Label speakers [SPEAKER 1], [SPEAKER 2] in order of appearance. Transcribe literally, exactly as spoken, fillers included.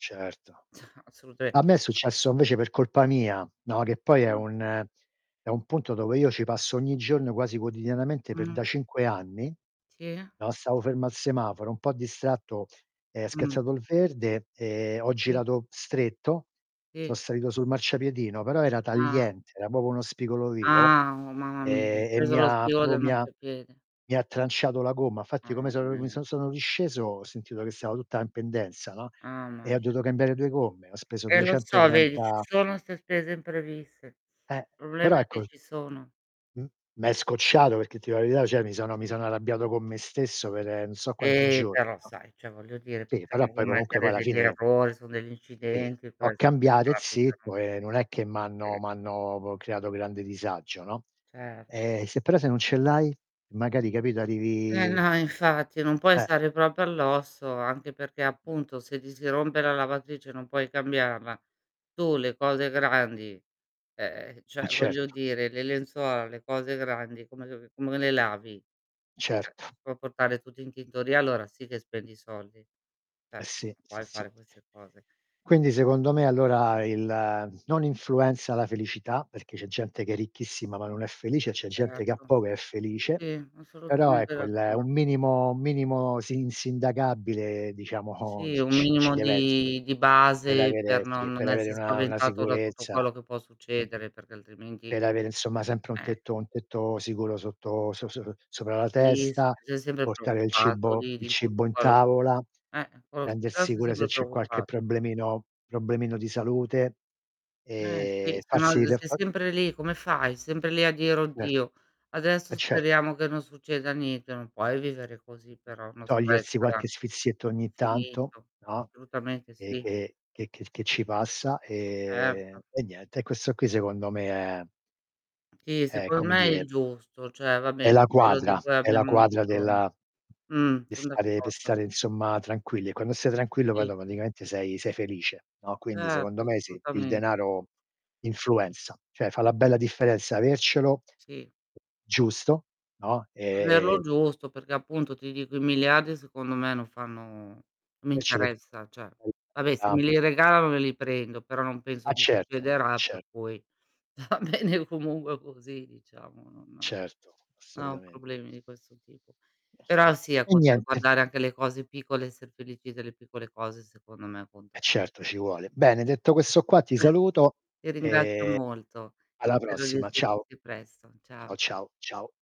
[SPEAKER 1] Certo.
[SPEAKER 2] Assolutame
[SPEAKER 1] A me è successo invece per colpa mia, no, che poi è
[SPEAKER 2] Mh.
[SPEAKER 1] un è un punto dove io ci passo ogni giorno quasi quotidianamente per da
[SPEAKER 2] Mh.
[SPEAKER 1] cinque anni,
[SPEAKER 2] Sì.
[SPEAKER 1] no, stavo fermo al semaforo, un po' distratto, è
[SPEAKER 2] Mh.
[SPEAKER 1] schiazzato il verde e ho
[SPEAKER 2] Sì.
[SPEAKER 1] girato stretto, so'
[SPEAKER 2] Sì.
[SPEAKER 1] salito sul marciapiedino, però era
[SPEAKER 2] Ah.
[SPEAKER 1] tagliente, era popo uno spigolo vivo,
[SPEAKER 2] Ah, oh mamma mia, hai
[SPEAKER 1] ehm, e
[SPEAKER 2] preso
[SPEAKER 1] mi
[SPEAKER 2] lo
[SPEAKER 1] ha
[SPEAKER 2] spigolo
[SPEAKER 1] propo
[SPEAKER 2] del
[SPEAKER 1] mi ha
[SPEAKER 2] marciapiede.
[SPEAKER 1] mi ha tranciato la gomma. Fatti come
[SPEAKER 2] Mamma
[SPEAKER 1] so' uhm, mi
[SPEAKER 2] mia.
[SPEAKER 1] so' sono risceso ho sentito che stava tutta in pendenza, no,
[SPEAKER 2] amma
[SPEAKER 1] e ho
[SPEAKER 2] mia.
[SPEAKER 1] dovuto cambiare due gomme, ho speso
[SPEAKER 2] Eh lo so, vedi ci
[SPEAKER 1] duecentotrenta
[SPEAKER 2] sono 'ste spese impreviste.
[SPEAKER 1] Eh.
[SPEAKER 2] Problema
[SPEAKER 1] Però
[SPEAKER 2] è
[SPEAKER 1] ecco
[SPEAKER 2] che
[SPEAKER 1] s
[SPEAKER 2] ci sono.
[SPEAKER 1] m m'è scocciato perché, ti dio la verità, ceh mi sono mi sono arrabbiato co' me stesso per n' so quanti
[SPEAKER 2] Eh,
[SPEAKER 1] gio
[SPEAKER 2] però
[SPEAKER 1] no.
[SPEAKER 2] sai, ceh voglio dire,
[SPEAKER 1] Sì, però
[SPEAKER 2] possiamo
[SPEAKER 1] poi comunque poi
[SPEAKER 2] commettere
[SPEAKER 1] alla
[SPEAKER 2] degli
[SPEAKER 1] fine
[SPEAKER 2] errori, son degli
[SPEAKER 1] Sì,
[SPEAKER 2] incidenti
[SPEAKER 1] l'ho
[SPEAKER 2] questi che
[SPEAKER 1] cambiate
[SPEAKER 2] capitano.
[SPEAKER 1] zitto, e non è che m'hanno
[SPEAKER 2] E
[SPEAKER 1] m'hanno p creato grande disagio, no.
[SPEAKER 2] Cer
[SPEAKER 1] Ehm, se però se non ce l'hai? Magari capito
[SPEAKER 2] Eh
[SPEAKER 1] arrivi
[SPEAKER 2] no infatti, non puoi
[SPEAKER 1] Eh.
[SPEAKER 2] stare propo all'osso, anche perché, appunto, se ti si rompe la lavatrice e non puoi cambiarla, tu le cose grandi ehm,
[SPEAKER 1] Eh
[SPEAKER 2] ceh voglio
[SPEAKER 1] certo.
[SPEAKER 2] dire, le lenzuola, le cose grandi come [unintelligible] come le lavi? ceh, si
[SPEAKER 1] Certo.
[SPEAKER 2] può portare tutto in tintoria, allora sì che spendi soldi, ceh
[SPEAKER 1] Eh sì,
[SPEAKER 2] non
[SPEAKER 1] sì,
[SPEAKER 2] puoi
[SPEAKER 1] sì.
[SPEAKER 2] fare queste cose.
[SPEAKER 1] Quindi, secondo me, allora il non influenza la felicità, perché c'è gente che è ricchissima ma non è felice e c'è gente che ha
[SPEAKER 2] Certo.
[SPEAKER 1] poco e è felice;
[SPEAKER 2] Sì,
[SPEAKER 1] però,
[SPEAKER 2] assolutamente
[SPEAKER 1] ecco, il un
[SPEAKER 2] d'accordo.
[SPEAKER 1] minimo un minimo si insindacabile diciamo
[SPEAKER 2] Sì,
[SPEAKER 1] c
[SPEAKER 2] un
[SPEAKER 1] c ci
[SPEAKER 2] minimo
[SPEAKER 1] dev'essere,
[SPEAKER 2] di di
[SPEAKER 1] per
[SPEAKER 2] base
[SPEAKER 1] avere
[SPEAKER 2] per non
[SPEAKER 1] sì,
[SPEAKER 2] non
[SPEAKER 1] per avere
[SPEAKER 2] essè
[SPEAKER 1] una una
[SPEAKER 2] spaventato da tutto
[SPEAKER 1] sicurezza.
[SPEAKER 2] quello che può
[SPEAKER 1] Mh-mh.
[SPEAKER 2] succedere, perché altrimenti
[SPEAKER 1] Per avere insomma sempre un
[SPEAKER 2] eh.
[SPEAKER 1] tetto un tetto sicuro sotto so so sopra la
[SPEAKER 2] Sì, se
[SPEAKER 1] testa,
[SPEAKER 2] sei sempre
[SPEAKER 1] portare il
[SPEAKER 2] preoccupato
[SPEAKER 1] cibo
[SPEAKER 2] di
[SPEAKER 1] il
[SPEAKER 2] di
[SPEAKER 1] cibo
[SPEAKER 2] tutto
[SPEAKER 1] in
[SPEAKER 2] quello
[SPEAKER 1] tavola,
[SPEAKER 2] eh, [unintelligible]
[SPEAKER 1] prendersi
[SPEAKER 2] sei
[SPEAKER 1] cura se
[SPEAKER 2] sempre
[SPEAKER 1] c'è qualche
[SPEAKER 2] preoccupa
[SPEAKER 1] problemino problemino di salute,
[SPEAKER 2] Eh sì,
[SPEAKER 1] ehm,
[SPEAKER 2] se no
[SPEAKER 1] farsi
[SPEAKER 2] l
[SPEAKER 1] le
[SPEAKER 2] sei
[SPEAKER 1] fa
[SPEAKER 2] sempre lì, come fai? Sempre lì a dire:
[SPEAKER 1] Cer
[SPEAKER 2] "Oddio, adesso
[SPEAKER 1] eh certo.
[SPEAKER 2] speriamo che non succeda niente". Non puoi vivere così però, è uno stress
[SPEAKER 1] Togliersi qualche sfizietto ogni tanto,
[SPEAKER 2] infinito.
[SPEAKER 1] no,
[SPEAKER 2] solutamente
[SPEAKER 1] ehm,
[SPEAKER 2] sì.
[SPEAKER 1] che che che che ci passa, ehm,
[SPEAKER 2] Erto.
[SPEAKER 1] e niente. E questo qui, secondo me, è
[SPEAKER 2] Sì,
[SPEAKER 1] è,
[SPEAKER 2] secon
[SPEAKER 1] come
[SPEAKER 2] me è
[SPEAKER 1] dire
[SPEAKER 2] il giusto; cioè va
[SPEAKER 1] è
[SPEAKER 2] bene,
[SPEAKER 1] la
[SPEAKER 2] quello di
[SPEAKER 1] quadra,
[SPEAKER 2] cui
[SPEAKER 1] è la
[SPEAKER 2] abbiamo
[SPEAKER 1] quadra
[SPEAKER 2] bisogno.
[SPEAKER 1] della
[SPEAKER 2] Mh,
[SPEAKER 1] pe'
[SPEAKER 2] son
[SPEAKER 1] stare pe'
[SPEAKER 2] d'accordo.
[SPEAKER 1] stare insomma tranquilli, e quando stai tranquillo poi
[SPEAKER 2] Sì, sì,
[SPEAKER 1] automaticamente
[SPEAKER 2] sì.
[SPEAKER 1] sei sei felice, no; quindi secondo
[SPEAKER 2] Certo,
[SPEAKER 1] me sì, il
[SPEAKER 2] assutamen
[SPEAKER 1] denaro influenza, ceh fa
[SPEAKER 2] [unintelligible]
[SPEAKER 1] la bella differenza avercelo;
[SPEAKER 2] Sì.
[SPEAKER 1] giusto, no, ehm
[SPEAKER 2] Averlo giusto, perché appunto, ti dico, i miliardi, secondo me, non fanno mi
[SPEAKER 1] Avercelo è
[SPEAKER 2] interessa, ceh; vabbè se me
[SPEAKER 1] [unintelligible]
[SPEAKER 2] li regalano me li prendo, però non
[SPEAKER 1] Ah
[SPEAKER 2] penso che
[SPEAKER 1] certo.
[SPEAKER 2] succederà per
[SPEAKER 1] Cer
[SPEAKER 2] cui va bene comungue così diciamo, non
[SPEAKER 1] Certo,
[SPEAKER 2] no ho
[SPEAKER 1] assolutamen
[SPEAKER 2] problemi di questo tipo. Però sì a
[SPEAKER 1] E
[SPEAKER 2] poter
[SPEAKER 1] niente.
[SPEAKER 2] guardare anche le cose piccole, esser felici delle piccole cose, secondo me
[SPEAKER 1] Eh
[SPEAKER 2] appunto, [unintelligible]
[SPEAKER 1] certo, ci vuole. Bene, detto questo qua ti saluto,
[SPEAKER 2] Ti ringrazio
[SPEAKER 1] ehm,
[SPEAKER 2] molto,
[SPEAKER 1] alla
[SPEAKER 2] spero di
[SPEAKER 1] prossima, ciao.
[SPEAKER 2] risentirti presto. Ciao.
[SPEAKER 1] Ciao, ciao. Ciao.